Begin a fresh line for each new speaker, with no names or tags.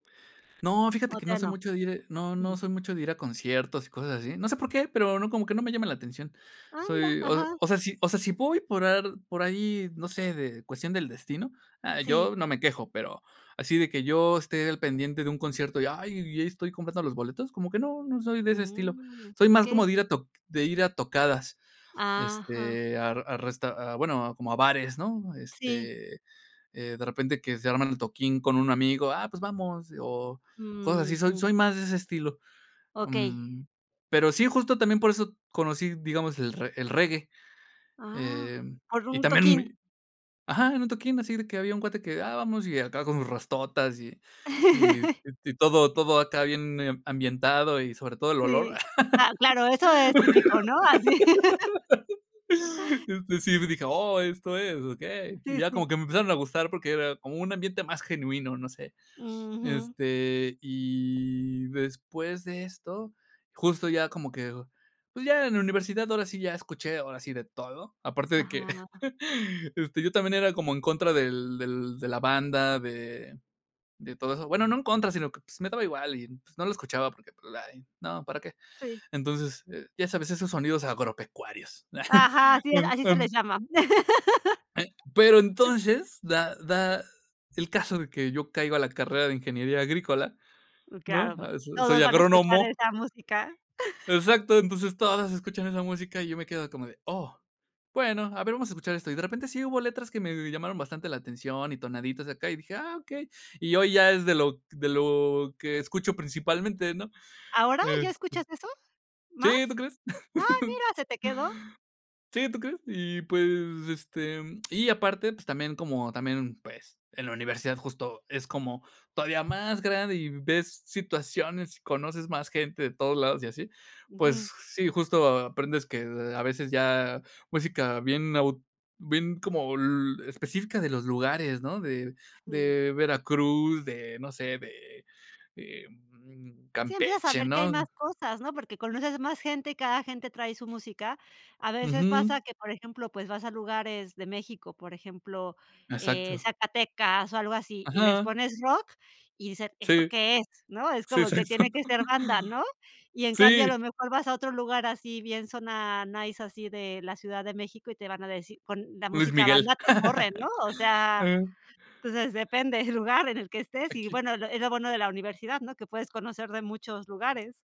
No, fíjate
¿O
que
te
no
a
soy
no?
mucho de ir no, no
Jum.
soy mucho de ir a conciertos y cosas así. No sé por qué, pero no, como que no me llaman la atención.
Ah, mira,
Soy, o
ajá.
o sea, si o sea, si puedo por ar por ahí, no sé, de cuestión del destino, ah,
Sí.
yo no me quejo, pero así de que yo esté al pendiente de un concierto y, ay, y ahí estoy comprando los boletos, como que no, no soy de ese estilo.
Mm,
Soy más como de
okey.
ir a toc de ir a tocadas,
Ah, ajá.
este, a a resta ah, bueno, como a bares, ¿no?
Sí.
Este, eh, de repente que se arman el toquín con un amigo "ah, pues vamos", o cosas así. Soy
Ujú.
soy más de ese estilo,
Okey.
mm, pero sí, justo también por eso conocí, digamos, el re el reggae.
Ah.
Em,
¿Por
y
un
también
toquín?
mi ¡Ajá! En un toquín así, de que había un cuate que "ah, vamos". Y acá con sus rastotas y y y y todo todo acá bien ambientado, y sobre todo el olor.
Sí. Ah, claro, eso es típico, ¿no? Así.
Este, sí me dije: "Oh, esto es, okey." Y
Sí,
ya como
sí.
que me empezaron a gustar porque era como un ambiente más genuino, no sé.
Ujú.
Este, y después de esto, justo ya como que pues ya en la universidad ahora sí ya escuché, ahora sí de todo, aparte de que
Ajá.
este, yo también era como en contra del del de la banda, de de todo eso. Bueno, no en contra, sino que, pues, me daba igual y no lo escuchaba porque, pues, ay, no, ¿para qué?
Sí.
Entonces, eh, ya sabes, esos sonidos agropecuarios.
Ajá, así es. Así se
Enton
les llama.
e pero entonces da da el caso de que yo caigo a la carrera de ingeniería agrícola,
Mm, claro
¿no?
pu
Ah, so
todos
soy
van a escuchar
agrónomo.
esa música.
Exacto, entonces todas escuchan esa música y yo me quedo como de: "Oh, bueno, a ver, vamos a escuchar esto". Y de repente sí hubo letras que me llamaron bastante la atención, y tonaditas acá y dije: "Ah, okey". Y hoy ya es de lo de lo que escucho principalmente, ¿no?
¿Ahora? ¿Ya
Este
escuchas eso? ¿Más?
sí, ¿tú crees?
¡Ah, mira, se te quedó!
Sí, ¿tú crees? Y pues, este, y aparte, pues también como también, pues, en la universidad justo, es como todavía más grande, y ves situaciones, y conoces más gente de todos lados y así. Pues
Ujú.
s sí, justo aprendes que, a veces ya, música bien nau bien como l específica de los lugares, ¿no? De
Sí.
de Veracruz, de no sé, de, em,
Sí, empiezas a
Campeche,
ver que hay
¿no?
más cosas, ¿no? Porque conoces más gente, y cada gente trae su música. A veces
Ujú.
pasa que, por ejemplo, pues vas a lugares de México, por ejemplo, eh,
Exacto.
Zacatecas o algo así, y les
Ajá.
pones rock, y dicen: "¿Esto
Sí.
qué es?",¿no? Es
Sí,
como que tiene que ser banda, ¿no? Y
[unintelligible]
en cambio, a
Sí.
lo mejor vas a otro lugar así bien, zona nice, así de la Ciudad de México y te van a decir con la
Luis
música
Miguel.
banda te corren, ¿no? O sea, pues de depende del lugar en el que estés y,
Aquí.
bueno, es lo es lo bueno de la universidad, ¿no? Que puedes conocer de muchos lugares.